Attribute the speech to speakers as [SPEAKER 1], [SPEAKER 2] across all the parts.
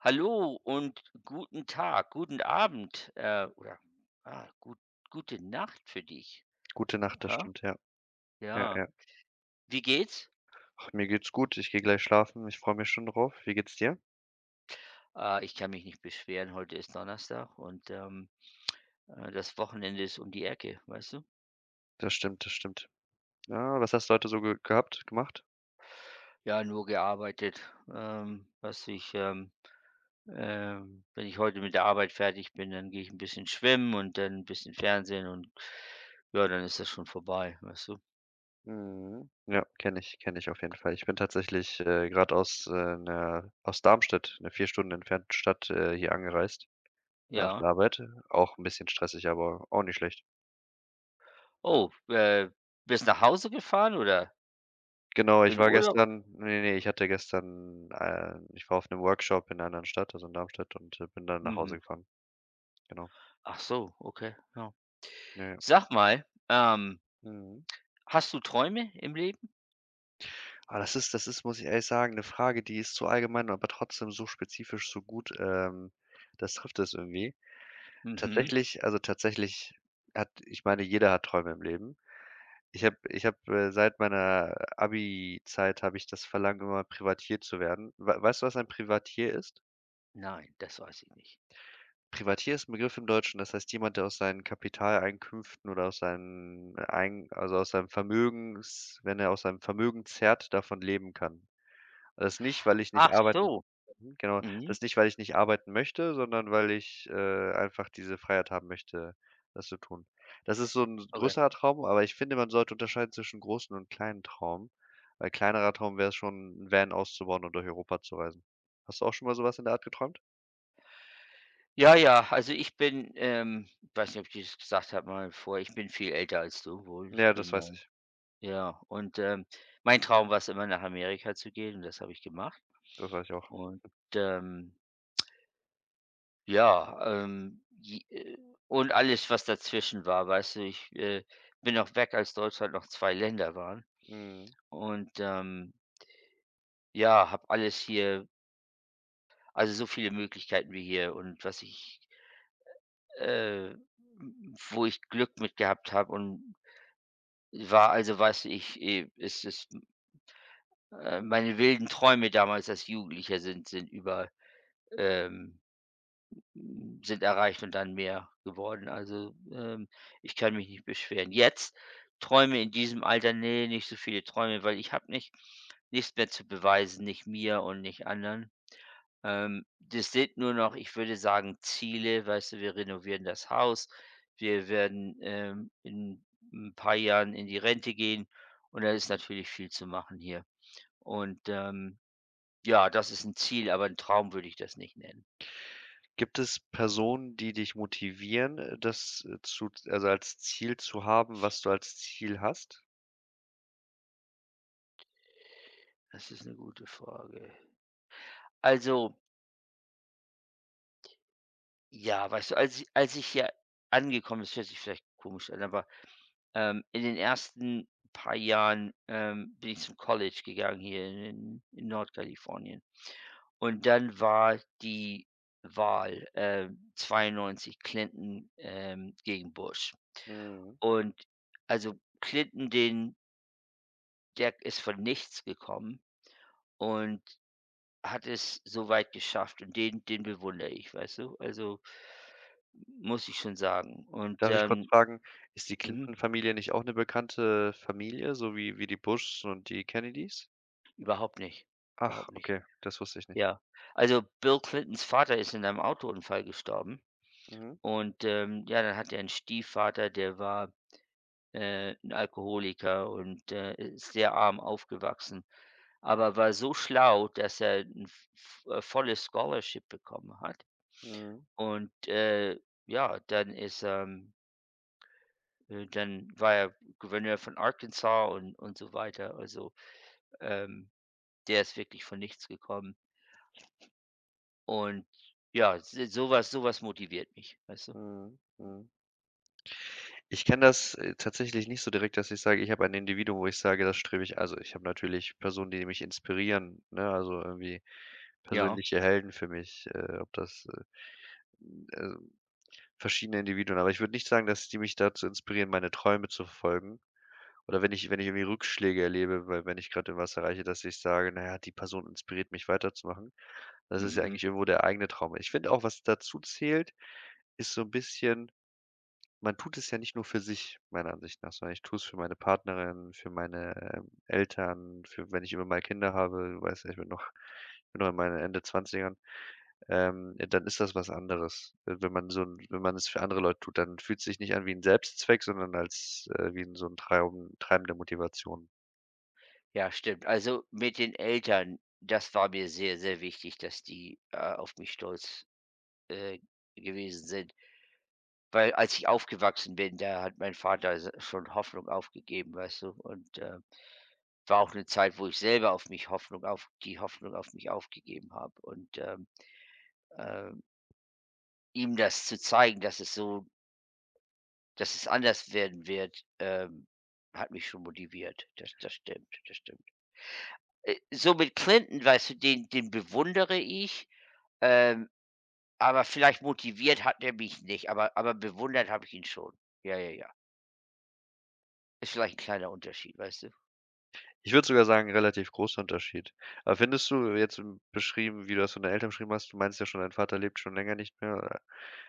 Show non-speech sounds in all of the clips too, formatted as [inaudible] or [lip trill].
[SPEAKER 1] Hallo und guten Tag guten Abend, äh, oder, ah gu gute Nacht für dich.
[SPEAKER 2] Gute Nacht, das
[SPEAKER 1] Ja
[SPEAKER 2] stimmt, ja. Ja
[SPEAKER 1] ja.
[SPEAKER 2] ja.
[SPEAKER 1] Wie geht's?
[SPEAKER 2] Ach, mir geht's gut. Ich gehe gleich schlafen. Ich freue mich schon darauf. Wie geht's dir?
[SPEAKER 1] Ah, ich kann mich nicht beschweren, heute ist Donnerstag und, ähm, äh, das Wochenende ist um die Ecke, weißt du?
[SPEAKER 2] Das stimmt das stimmt. Ja, was hast du heute so ge gehabt gemacht?
[SPEAKER 1] Ja, nur gearbeitet, ähm, dass ich, ähm ähm wenn ich heute mit der Arbeit fertig bin, dann gehe ich 'n bisschen schwimmen und dann 'n bisschen Fernsehen und ja, dann ist das schon vorbei, weißt du?
[SPEAKER 2] Mhm. Ja, kenne ich kenne ich auf jeden Fall. Ich bin tatsächlich, äh, grad aus, äh, einer aus Darmstadt einer 4 Stunden entfernten Stadt, äh, hier angereist nach der
[SPEAKER 1] Ja.
[SPEAKER 2] Arbeit. Auch 'n bisschen stressig, aber auch nicht schlecht.
[SPEAKER 1] Oh, äh, bist nach Hause gefahren oder?
[SPEAKER 2] Genau, ich
[SPEAKER 1] In
[SPEAKER 2] war
[SPEAKER 1] Urlaub?
[SPEAKER 2] gestern ne ne ich hatte gestern, ähm ich war auf 'nem Workshop in 'ner anderen Stadt, also in Darmstadt und, äh, bin dann nach Hause
[SPEAKER 1] Mhm.
[SPEAKER 2] gefahren. Genau.
[SPEAKER 1] Ach so, okay, ja.
[SPEAKER 2] Ja.
[SPEAKER 1] Sag mal, ähm
[SPEAKER 2] Mhm.
[SPEAKER 1] Hast du Träume im Leben?
[SPEAKER 2] Ah, das ist das ist, muss ich ehrlich sagen, 'ne Frage, die ist zu allgemein, aber trotzdem so spezifisch, so gut, ähm das trifft es irgendwie.
[SPEAKER 1] Mhm.
[SPEAKER 2] Tatsächlich also tatsächlich hat ich meine, jeder hat Träume im Leben. Ich habe ich habe, äh seit meiner Abi-Zeit habe ich das Verlangen immer, Privatier zu werden. Wei weißt du, was ein Privatier ist?
[SPEAKER 1] Nein, das weiß ich nicht.
[SPEAKER 2] Privatier ist 'n Begriff im Deutschen. Das heißt jemand, der aus seinen Kapitaleinkünften oder aus seinen ein also, aus seinem Vermögens wenn er aus seinem Vermögen zerrt, davon leben kann. Das nicht, weil ich nicht
[SPEAKER 1] Ach
[SPEAKER 2] arbeiten
[SPEAKER 1] so.
[SPEAKER 2] genau.
[SPEAKER 1] Mhm.
[SPEAKER 2] Das ist nicht, weil ich nicht arbeiten möchte, sondern weil ich, äh, einfach diese Freiheit haben möchte, das zu tun. Das ist so 'n
[SPEAKER 1] Okay.
[SPEAKER 2] größerer Traum, aber ich finde, man sollte unterscheiden zwischen großen und kleinen Traum, weil kleinerer Traum wär's schon, 'n Van auszubauen und durch Europa zu reisen. Hast du auch schon mal so was in der Art geträumt?
[SPEAKER 1] Ja, ja, also, ich bin ähm, weiß nicht, ob ich dir's gesagt habe, mal vor ich bin viel älter als du, wohl. Ich
[SPEAKER 2] Ja, das
[SPEAKER 1] bin
[SPEAKER 2] weiß
[SPEAKER 1] ähm,
[SPEAKER 2] ich.
[SPEAKER 1] ja, und, ähm, mein Traum war's immer, nach Amerika zu gehen und das habe ich gemacht.
[SPEAKER 2] Das weiß ich auch.
[SPEAKER 1] Und ja, und, ähm ja, ähm, äh, j und alles, was dazwischen war, weißte, ich, äh, bin auch weg, als Deutschland noch 2 Länder waren.
[SPEAKER 2] Mhm.
[SPEAKER 1] Und, ähm ja, habe alles hier also, so viele Möglichkeiten wie hier und was ich äh, w wo ich Glück mit gehabt habe und war also, was ich e es ist äh, meine wilden Träume damals als Jugendlicher sind sind über, ähm sind erreicht und dann mehr geworden. Also, ähm, ich kann mich nicht beschweren. Jetzt träume in diesem Alter, ne, nicht so viele Träume, weil ich habe nicht nichts mehr zu beweisen, nicht mir und nicht anderen. Ähm, das sind nur noch, ich würde sagen, Ziele, weißt du, wir renovieren das Haus. Wir werden, ähm, in 'n paar Jahren in die Rente gehen. Und da ist natürlich viel zu machen hier. Und, ähm, ja, das ist 'n Ziel, aber 'n Traum würde ich das nicht nennen.
[SPEAKER 2] Gibt es Personen, die dich motivieren, das zu also, als Ziel zu haben, was du als Ziel hast?
[SPEAKER 1] Das ist 'ne gute Frage. Also ja, weißt du als i als ich hier angekommen es hört sich vielleicht komisch an, aber, ähm, in den ersten paar Jahren, ähm, bin ich zum College gegangen hier in in in Nordkalifornien. Und dann war die Wahl, äh, 92 Clinton, ähm, gegen Bush
[SPEAKER 2] Mhm.
[SPEAKER 1] und also, Clinton den der ist von nichts gekommen und hat es so weit geschafft und den den bewundere ich, weißt du? Also, muss ich schon sagen. Und
[SPEAKER 2] Darf ich kurz
[SPEAKER 1] dann
[SPEAKER 2] fragen, ist die
[SPEAKER 1] mhm.
[SPEAKER 2] Clinton Familie nicht auch 'ne bekannte Familie, so wie wie die Bushs und die Kennedies?
[SPEAKER 1] Überhaupt nicht.
[SPEAKER 2] Ach,
[SPEAKER 1] Überhaupt nicht.
[SPEAKER 2] okay, das wusst ich nicht.
[SPEAKER 1] Ja. Also, Bill Clintons Vater ist in einem Autounfall gestorben.
[SPEAKER 2] Mhm.
[SPEAKER 1] Und, ähm, ja, dann hat er 'n Stiefvater, der war, äh, 'n Alkoholiker und, äh, ist sehr arm aufgewachsen. Aber war so schlau, dass er 'n v v äh, volles Scholarship bekommen hat.
[SPEAKER 2] Mhm.
[SPEAKER 1] Und, äh, ja, dann ist, ähm äh, dann war er Gouverneur von Arkansas und und so weiter. Also, ähm, der ist wirklich von nichts gekommen. Und ja, s sowas sowas motiviert mich, weißt du?
[SPEAKER 2] Mhm, mhm. Ich kenne das tatsächlich nicht so direkt, dass ich sage, ich habe ein Individuum, wo ich sage, das strebe ich also, ich habe natürlich Personen, die mich inspirieren, ne, also irgendwie
[SPEAKER 1] Ja.
[SPEAKER 2] persönliche Helden für mich, äh, ob das äh, ähm, verschiedene Individuen. Aber ich würde nicht sagen, dass die mich dazu inspirieren, meine Träume zu verfolgen oder wenn ich wenn ich irgendwie Rückschläge erlebe, weil wenn ich grad irgendwas erreiche, dass ich sage: „Na ja, die Person inspiriert mich, weiterzumachen.“ Das ist ja
[SPEAKER 1] Mhm.
[SPEAKER 2] eigentlich irgendwo der eigene Traum. Ich find auch, was dazu zählt, ist so 'n bisschen: Man tut es ja nicht nur für sich, meiner Ansicht nach, sondern ich tue es für meine Partnerin, für meine, ähm, Eltern, für, wenn ich irgendwann mal Kinder habe, weiß nicht, ich bin noch ich bin noch in meinen Ende 20ern, ähm, dann ist das was anderes. Äh, wenn man so 'n wenn man es für andere Leute tut, dann fühlt's sich nicht an wie 'n Selbstzweck, sondern als äh, wie 'n so 'n treiben treibende Motivation.
[SPEAKER 1] Ja, stimmt. Also, mit den Eltern, das war mir sehr, sehr wichtig, dass die, äh, auf mich stolz, äh, gewesen sind. Weil, als ich aufgewachsen bin, da hat mein Vater s schon Hoffnung aufgegeben, weißt du? Und, äh, war auch 'ne Zeit, wo ich selber auf mich Hoffnung auf die Hoffnung auf mich aufgegeben habe. Und, ähm, ähm ihm das zu zeigen, dass es so dass es anders werden wird, ähm, hat mich schon motiviert. Das das stimmt, das stimmt. I so mit Clinton weißt du, den den bewundere ich. Ähm, aber vielleicht motiviert hat er mich nicht, aber aber bewundert habe ich ihn schon, ja, ja, ja. Ist vielleicht kleiner Unterschied, weißt du?
[SPEAKER 2] Ich würde sogar sagen, relativ großer Unterschied. Aber findest du jetzt, ähm, beschrieben wie du das von der Eltern beschrieben hast? Du meintest ja schon, dein Vater lebt schon länger nicht mehr.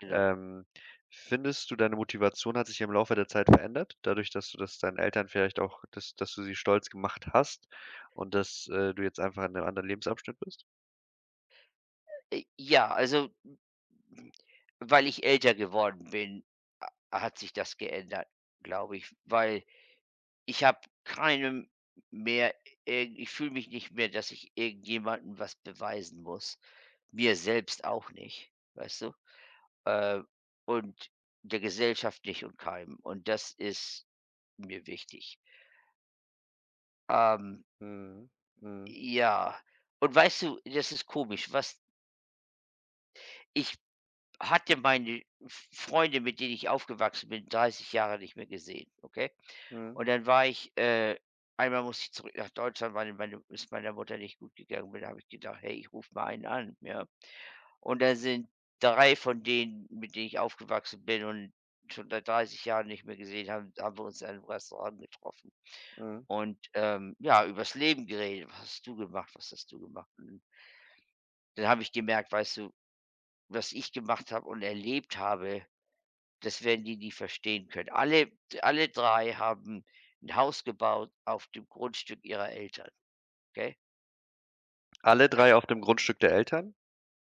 [SPEAKER 1] Ja.
[SPEAKER 2] Ähm, findest du, deine Motivation hat sich ja im Laufe der Zeit verändert dadurch, dass du das deinen Eltern vielleicht auch dass dass du sie stolz gemacht hast und dass, äh, du jetzt einfach in 'nem anderen Lebensabschnitt bist?
[SPEAKER 1] J Ja, also, hm, weil ich älter geworden bin, h hat sich das geändert, glaube ich, weil ich habe keine m mehr äh, ich fühle mich nicht mehr, dass ich irgendjemanden was beweisen muss. Mir selbst auch nicht, weißt du? Äh, und der Gesellschaft nicht und keinem. Und das ist mir wichtig. Ähm.
[SPEAKER 2] Mhm, mhm.
[SPEAKER 1] Ja. Und weißt du, das ist komisch was Ich hatte meine F Freunde, mit denen ich aufgewachsen bin, 30 Jahre nicht mehr gesehen, okay?
[SPEAKER 2] Mhm.
[SPEAKER 1] Und dann war ich, äh einmal musste ich zurück nach Deutschland, weil meine es meiner Mutter nicht gut gegangen bin. Da habe ich gedacht: „Hey, ich rufe mal einen an, ja?“ Und dann sind 3 von denen, mit denen ich aufgewachsen bin und schon seit 30 Jahren nicht mehr gesehen haben da haben wir uns im Restaurant getroffen.
[SPEAKER 2] Mhm.
[SPEAKER 1] Und, ähm, ja, über's Leben geredet: „Was hast du gemacht? Was hast du gemacht? Mhm.“ Dann habe ich gemerkt: Weißt du, was ich gemacht habe und erlebt habe, das werden die nie verstehen können. Alle d alle 3 haben 'n Haus gebaut auf dem Grundstück ihrer Eltern, gell?
[SPEAKER 2] Alle 3
[SPEAKER 1] Ah.
[SPEAKER 2] auf dem Grundstück der Eltern?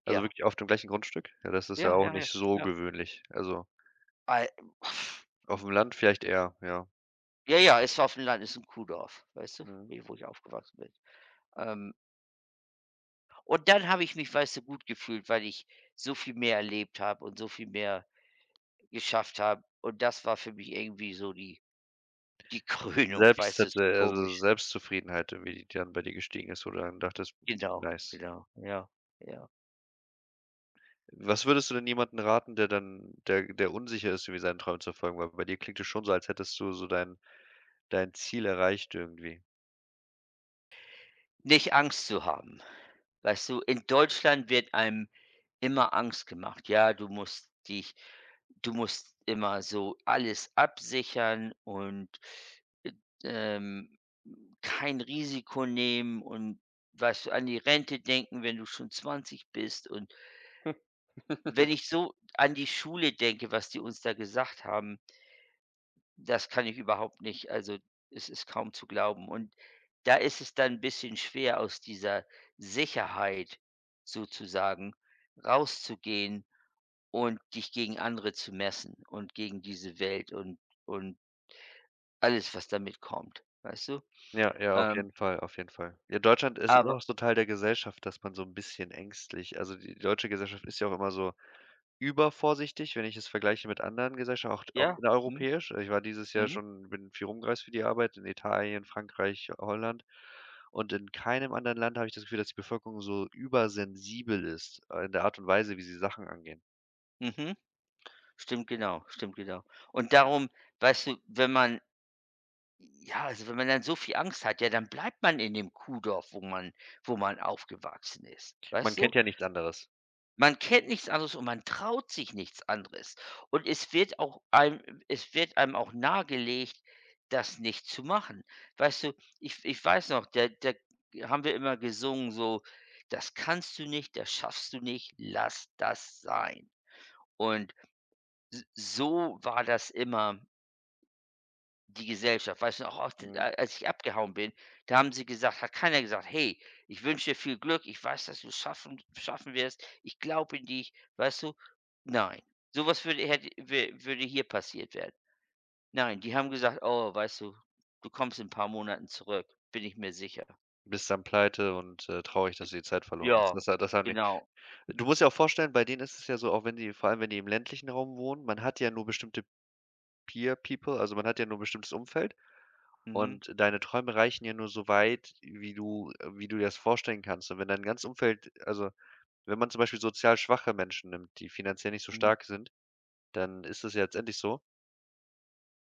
[SPEAKER 2] Also,
[SPEAKER 1] Ja.
[SPEAKER 2] wirklich auf dem gleichen Grundstück? Ja, das ist ja
[SPEAKER 1] Ja,
[SPEAKER 2] auch
[SPEAKER 1] ja, ja,
[SPEAKER 2] nicht so
[SPEAKER 1] ja.
[SPEAKER 2] gewöhnlich. Also
[SPEAKER 1] Ai [lip trill]
[SPEAKER 2] Aufm Land vielleicht eher, ja.
[SPEAKER 1] Ja, ja, es war auf dem Land, ist 'n Kuhdorf, weißt du,
[SPEAKER 2] Mhm.
[SPEAKER 1] ne, wo ich aufgewachsen bin, ähm Und dann habe ich mich, weiß du, gut gefühlt, weil ich so viel mehr erlebt habe und so viel mehr geschafft habe. Und das war für mich irgendwie so die die Krönung, weiß du, es
[SPEAKER 2] Selbstzet äh,
[SPEAKER 1] ist
[SPEAKER 2] also,
[SPEAKER 1] komisch.
[SPEAKER 2] Selbstzufriedenheit, irgendwie, die dann bei dir
[SPEAKER 1] I
[SPEAKER 2] gestiegen ist, wo du dann dachtest:
[SPEAKER 1] Genau,
[SPEAKER 2] „Nice.“
[SPEAKER 1] genau, ja, ja.
[SPEAKER 2] Was würdest du denn jemanden raten, der dann der der unsicher ist, irgendwie seine Träumen zu verfolgen? Weil bei dir klingt es schon so, als hättest du so dein dein Ziel erreicht irgendwie.
[SPEAKER 1] Nicht Angst zu haben. Weißt du, in Deutschland wird einem immer Angst gemacht. Ja, du musst dich du musst immer so alles absichern und, äh ähm, kein Risiko nehmen und weißt du, an die Rente denken, wenn du schon 20 bist und wenn
[SPEAKER 2] [chuckles]
[SPEAKER 1] ich so an die Schule denke, was die uns da gesagt haben das kann ich überhaupt nicht. Also, es ist kaum zu glauben. Und da ist es dann 'n bisschen schwer, aus dieser Sicherheit sozusagen rauszugehen und dich gegen andere zu messen und gegen diese Welt und und alles, was da mitkommt, weißt du?
[SPEAKER 2] Ja, ja, auf
[SPEAKER 1] Ähm
[SPEAKER 2] jeden Fall, auf jeden Fall. Ja, Deutschland ist immer
[SPEAKER 1] Aber
[SPEAKER 2] noch so 'n Teil der Gesellschaft, dass man so 'n bisschen ängstlich also, die deutsche Gesellschaft ist ja auch immer so übervorsichtig, wenn ich es vergleiche mit anderen Gesellschaf auch auch
[SPEAKER 1] Ja. Mhm.
[SPEAKER 2] innereuropäisch. Ich war dieses Jahr
[SPEAKER 1] Mhm.
[SPEAKER 2] schon bin viel rum gereist für die Arbeit in Italien, Frankreich, Holland. Und in keinem anderen Land habe ich das Gefühl, dass die Bevölkerung so übersensibel ist, äh, in der Art und Weise, wie sie Sachen angehen.
[SPEAKER 1] Mhm. Stimmt genau, stimmt genau. Und darum weißt du, wenn man ja, also, wenn man dann so viel Angst hat, ja, dann bleibt man in dem Kuhdorf, wo man wo man aufgewachsen ist.
[SPEAKER 2] Man
[SPEAKER 1] Weißt du?
[SPEAKER 2] kennt ja nichts anderes.
[SPEAKER 1] Man kennt nichts anderes und man traut sich nichts anderes und es wird auch einem es wird einem auch nahegelegt, das nicht zu machen, weißt du? Ich w ich weiß noch, da da haben wir immer gesungen, so: „Das kannst du nicht, das schaffst du nicht, lass das sein.“ Und s so war das immer die Gesellschaft, weißt du? Auch auch d
[SPEAKER 2] Mhm.
[SPEAKER 1] a als ich abgehauen bin, da haben sie gesagt hat keiner gesagt: „Hey, ich wünsche dir viel Glück. Ich weiß, dass du's schaffen schaffen wirst. Ich glaube in dich.“, weißt du? Nein. Sowas würde hätte wür würde hier passiert werden. Nein, die haben gesagt: „Oh, weißt du, du kommst in 'n paar Monaten zurück. Bin ich mir sicher.“
[SPEAKER 2] Bist dann pleite und, äh, traurig,
[SPEAKER 1] D
[SPEAKER 2] dass du die Zeit verloren hast. Und
[SPEAKER 1] ja,
[SPEAKER 2] das hat das haben die
[SPEAKER 1] genau.
[SPEAKER 2] du musst dir auch vorstellen, bei denen ist es ja so, auch wenn die vor allem, wenn die im ländlichen Raum wohnen, man hat ja nur bestimmte Peer People, also, man hat ja nur 'n bestimmtes Umfeld,
[SPEAKER 1] Mhm.
[SPEAKER 2] und deine Träume reichen ja nur so weit, wie du äh, wie du dir das vorstellen kannst. Und wenn dein ganzes Umfeld also, wenn man zum Beispiel sozial-schwache Menschen nimmt, die finanziell nicht so
[SPEAKER 1] Mhm.
[SPEAKER 2] stark sind, dann ist das ja letztendlich so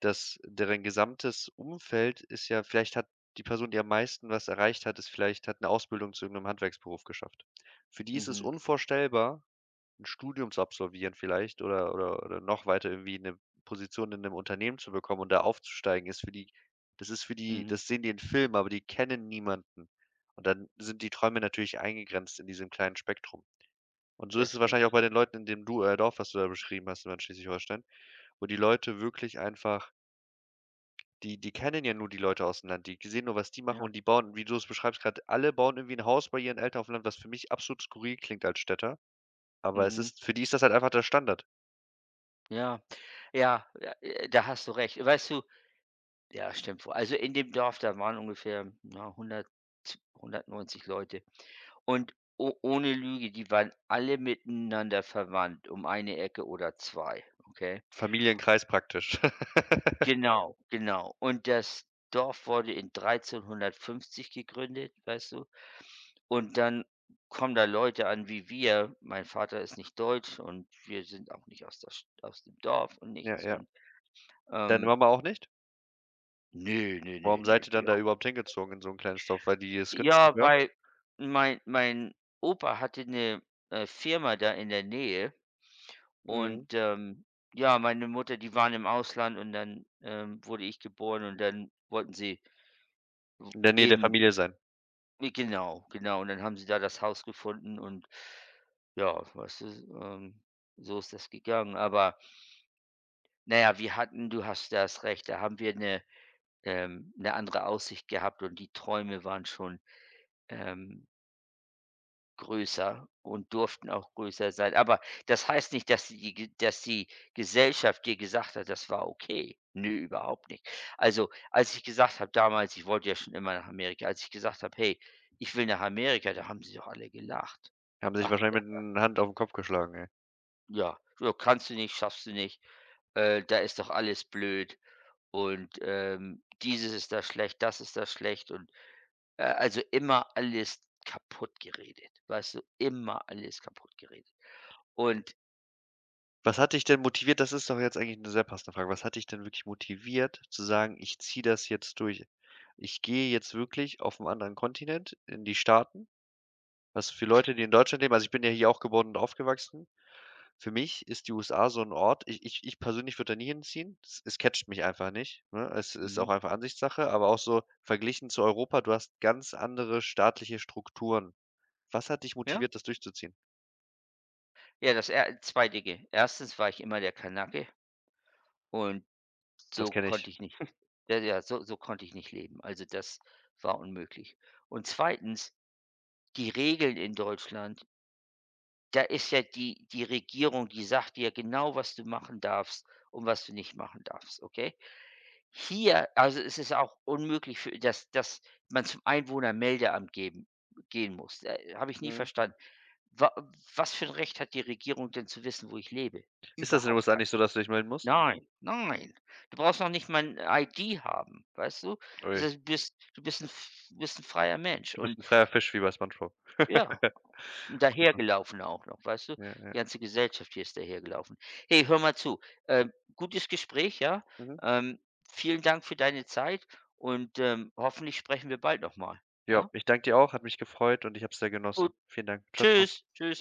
[SPEAKER 2] dass deren gesamtes Umfeld ist ja vielleicht hat die Person, die am meisten was erreicht hat, ist vielleicht hat 'ne Ausbildung zu irgendeinem Handwerksberuf geschafft. Für die ist es
[SPEAKER 1] Mhm.
[SPEAKER 2] unvorstellbar, 'n Studium zu absolvieren vielleicht, oder oder oder noch weiter, irgendwie 'ne Position in 'nem Unternehmen zu bekommen und da aufzusteigen, ist für die das ist für die
[SPEAKER 1] Mhm.
[SPEAKER 2] das sehen die im Filmen, aber die kennen niemanden. Und dann sind die Träume natürlich eingegrenzt in diesem kleinen Spektrum. Und so ist
[SPEAKER 1] Das
[SPEAKER 2] es wahrscheinlich auch
[SPEAKER 1] stimmt.
[SPEAKER 2] bei den Leuten, in dem du äh, Dorf, was du da beschrieben hast, da in Schleswig-Holstein, wo die Leute wirklich einfach die die kennen ja nur die Leute aus dem Land. Die ge sehen nur, was die machen
[SPEAKER 1] Ja.
[SPEAKER 2] und die bauen, wie du das beschreibst grad alle bauen irgendwie 'n Haus bei ihren Eltern auf dem Land, was für mich absolut skurril klingt als Städter. Aber es
[SPEAKER 1] Mhm.
[SPEAKER 2] ist für die ist das halt einfach der Standard.
[SPEAKER 1] Ja. Ja, äh, äh, da hast du recht. Weißt du ja stimmt wohl. Also, in dem Dorf, da waren ungefähr, ja 100, z 190 Leute. Und o ohne Lüge, die waren alle miteinander verwandt, um eine Ecke oder 2, okay?
[SPEAKER 2] Familienkreis, praktisch. [laughs]
[SPEAKER 1] Genau, genau. Und das Dorf wurde in 1350 gegründet, weißt du? Und dann kommen da Leute an wie wir. Mein Vater ist nicht deutsch und wir sind auch nicht aus der St aus dem Dorf und
[SPEAKER 2] Ja,
[SPEAKER 1] nichts
[SPEAKER 2] ja.
[SPEAKER 1] und,
[SPEAKER 2] Deine
[SPEAKER 1] ähm
[SPEAKER 2] Mama auch nicht?
[SPEAKER 1] Ne, ne, ne,
[SPEAKER 2] Warum seid
[SPEAKER 1] ne,
[SPEAKER 2] ihr dann
[SPEAKER 1] die
[SPEAKER 2] da
[SPEAKER 1] auch nicht.
[SPEAKER 2] überhaupt hingezogen in so 'n kleines Dorf? Weil die es günstig
[SPEAKER 1] Ja,
[SPEAKER 2] war?
[SPEAKER 1] weil mein mein Opa hatte 'ne, äh, Firma da in der Nähe. Und,
[SPEAKER 2] Mhm.
[SPEAKER 1] ähm, ja, meine Mutter, die waren im Ausland und dann, ähm, wurde ich geboren und dann wollten sie w
[SPEAKER 2] In der Nähe der
[SPEAKER 1] eben
[SPEAKER 2] Familie sein.
[SPEAKER 1] Ne, genau genau. Und dann haben sie da das haus gefunden und, ja, weiß du? S ähm, so ist das gegangen. Aber na ja, wir hatten du hast das Recht da haben wir 'ne ähm, 'ne andere Aussicht gehabt und die Träume waren schon, ähm größer und durften auch größer sein. Aber das heißt nicht dass die die ge dass die Gesellschaft dir gesagt hat, das war okay. Ne, überhaupt nicht. Also, als ich gesagt habe damals- ich wollte ja schon immer nach Amerika- als ich gesagt habe: „Hey, ich will nach Amerika“, da haben Sie doch alle gelacht.
[SPEAKER 2] Haben sich
[SPEAKER 1] Ach,
[SPEAKER 2] wahrscheinlich mit
[SPEAKER 1] ja.
[SPEAKER 2] 'ner Hand auf 'n Kopf geschlagen, ne?
[SPEAKER 1] Ja, ja, „Kannst du nicht, schaffst du nicht.“ Äh, da ist doch alles blöd.“ Und, ähm, „Dieses ist da schlecht, das ist da schlecht.“ Und, äh, also, immer alles kaputtgeredet, weißt du? Immer alles kaputtgeredet. Und i
[SPEAKER 2] Was hat dich denn motiviert? Das ist doch jetzt eigentlich 'ne sehr passende Frage. Was hat dich denn wirklich motiviert, zu sagen: „Ich ziehe das jetzt durch! Ich gehe jetzt wirklich auf 'n anderen Kontinent, in die Staaten“, was für Leute, die in Deutschland leben also, ich bin ja hier auch geworden und aufgewachsen, für mich ist die USA so 'n Ort: Ich ich ich persönlich würde da nie hinziehen. S es catcht mich einfach nicht, ne? Es ist auch
[SPEAKER 1] Mhm.
[SPEAKER 2] einfach Ansichtssache, aber auch so verglichen zu Europa, du hast ganz andere staatliche Strukturen. Was hat dich
[SPEAKER 1] Ja.
[SPEAKER 2] motiviert, das durchzuziehen?
[SPEAKER 1] Ja, dass er 2 Dinge. 1. war ich immer der Kanake und
[SPEAKER 2] Das
[SPEAKER 1] so
[SPEAKER 2] kenn
[SPEAKER 1] konnte
[SPEAKER 2] ich.
[SPEAKER 1] ich nicht
[SPEAKER 2] [chuckles]
[SPEAKER 1] ja ja, so so konnte ich nicht leben. Also, das war unmöglich. Und 2., die Regeln in Deutschland da ist ja die die Regierung die sagt dir genau was du machen darfst und was du nicht machen darfst, okay? Hier also, ist es auch unmöglich für dass dass man zum Einwohnermeldeamt geben gehen muss. D äh, habe ich nie
[SPEAKER 2] Mhm.
[SPEAKER 1] verstanden, wa was für 'n Recht hat die Regierung denn zu wissen, wo ich lebe?
[SPEAKER 2] Ist das in den
[SPEAKER 1] Überhaupt
[SPEAKER 2] USA
[SPEAKER 1] kein.
[SPEAKER 2] nicht so, dass du dich melden musst?
[SPEAKER 1] Nein. Nein. Du brauchst noch nicht mal 'n ID haben, weißt du? Das
[SPEAKER 2] Ui.
[SPEAKER 1] heißt, bist du bist 'n f bist 'n freier Mensch
[SPEAKER 2] Du
[SPEAKER 1] und
[SPEAKER 2] bist 'n freier Fisch wie bei SpongeBob.
[SPEAKER 1] ja.
[SPEAKER 2] [laughs]
[SPEAKER 1] Und
[SPEAKER 2] Cool,
[SPEAKER 1] daher
[SPEAKER 2] cool.
[SPEAKER 1] gelaufen auch noch, weißt du?
[SPEAKER 2] Ja, ja.
[SPEAKER 1] Die ganze Gesellschaft hier ist daher gelaufen. Hey, hör mal zu, ähm, Gutes Gespräch, ja,
[SPEAKER 2] Mhm.
[SPEAKER 1] ähm, Vielen Dank für deine Zeit und, ähm, hoffentlich sprechen wir bald noch mal,
[SPEAKER 2] Ja,
[SPEAKER 1] ja?
[SPEAKER 2] ich danke dir auch, hat mich gefreut und ich habe es sehr genossen.
[SPEAKER 1] Gut.
[SPEAKER 2] Vielen Dank. Tschau, Tschau.
[SPEAKER 1] Tschüs, Tschüs.